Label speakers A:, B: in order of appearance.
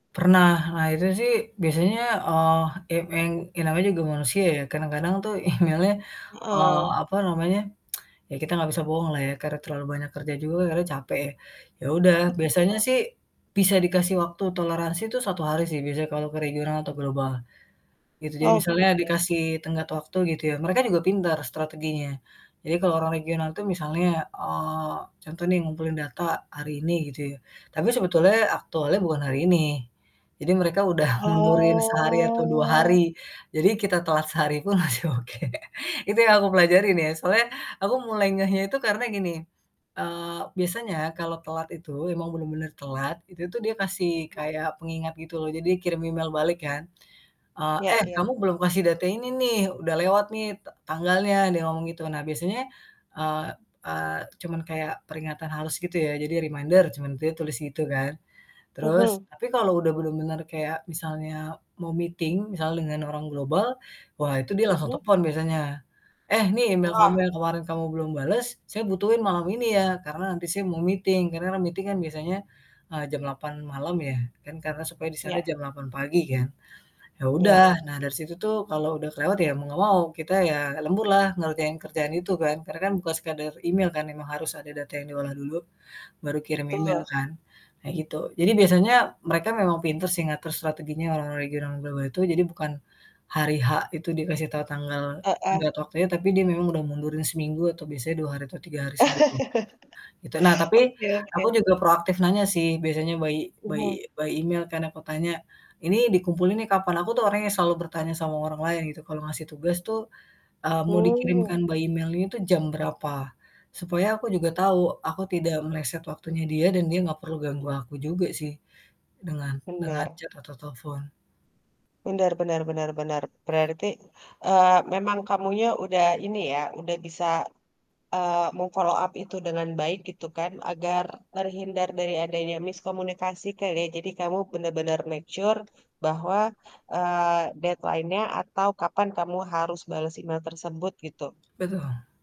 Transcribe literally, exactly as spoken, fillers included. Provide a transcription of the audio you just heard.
A: Pernah. Akhirnya sih biasanya, eee, m eng ya namanya juga manusia ya, kadang-kadang tuh email-nya, eee,
B: Heeh.
A: apa namanya, ya kita gak bisa bohonglah ya karena terlalu banyak kerja juga akhirnya capek ya. Ya udah, biasanya
B: Betul.
A: sih bisa dikasih waktu toleransi itu satu hari sih biasanya kalau ke regional atau global gitu. Jadi
B: Oh,
A: misalnya
B: oke.
A: dikasih tenggat waktu gitu ya. Mereka juga pintar strateginya. Jadi kalau orang regional itu misalnya, eee, contoh nih ngumpulin data hari ini gitu ya. Tapi sebetulnya aktualnya bukan hari ini. Jadi mereka udah mundurin sehari atau dua
B: Oh.
A: hari. Jadi kita telat sehari pun masih oke. Itu yang aku pelajari nih. Soalnya aku mulai ngehnya itu karena gini, eee, biasanya kalau telat itu, emang bener-bener telat, itu tuh dia kasih kayak pengingat gitu loh, jadi kirim email balik kan, eee,
B: Iya
A: "Eh
B: iya.
A: kamu belum kasih data ini nih. Udah lewat nih ta tanggalnya." Dia ngomong gitu. Nah biasanya, eee eee, cuman kayak peringatan halus gitu ya. Jadi "Reminder," cuman dia tulis gitu kan. Terus
B: Mhm.
A: tapi kalau udah bener-bener kayak misalnya mau meeting, misalnya dengan orang global, wah itu dia langsung
B: Mhm.
A: telepon biasanya, "Eh nih email kamu
B: Wah.
A: yang kemarin kamu belum bales, saya butuhin malam ini ya, karena nanti siang mau meeting." Karena kan meeting biasanya, eee, jam lapan malam ya kan karena supaya di sana
B: Ya.
A: jam lapan pagi kan. Ya
B: Ya.
A: udah, nah dari situ tuh kalau udah kelewat ya mau nggak mau kita ya lembur lah ngerjain kerjaan itu kan. Karena kan bukan sekedar email kan memang harus ada data yang diolah dulu, baru kirim email
B: Betul.
A: kan, nah gitu. Jadi biasanya mereka memang pinter sih ngatur strateginya orang-orang regional, orang global itu. Jadi bukan hari H itu dikasih tahu tanggal
B: Heeh.
A: tenggat waktunya, tapi dia memang udah mundurin seminggu atau biasanya dua hari atau tiga hari sebelum gitu, nah tapi
B: Oke oke.
A: aku juga proaktif nanya sih biasanya by by
B: Mhm.
A: by email kan, aku tanya, "Ini dikumpulin nih kapan?" Aku tuh orangnya selalu bertanya sama orang lain gitu kalau ngasih tugas tuh, eee, mau dikirimkan
B: Mmm.
A: by email itu jam berapa. Supaya aku juga tahu aku tidak meleset waktunya dia dan dia nggak perlu ganggu aku juga sih dengan dengan
B: Benar.
A: chat atau telfon.
B: Benar benar benar benar, berarti, eee, memang kamunya udah ini ya udah bisa, eee, mem-follow up itu dengan baik gitu kan agar terhindar dari adanya miskomunikasi kali ya, jadi kamu bener-bener make sure bahwa, eee, deadline-nya atau kapan kamu harus bales email tersebut gitu.
A: Betul.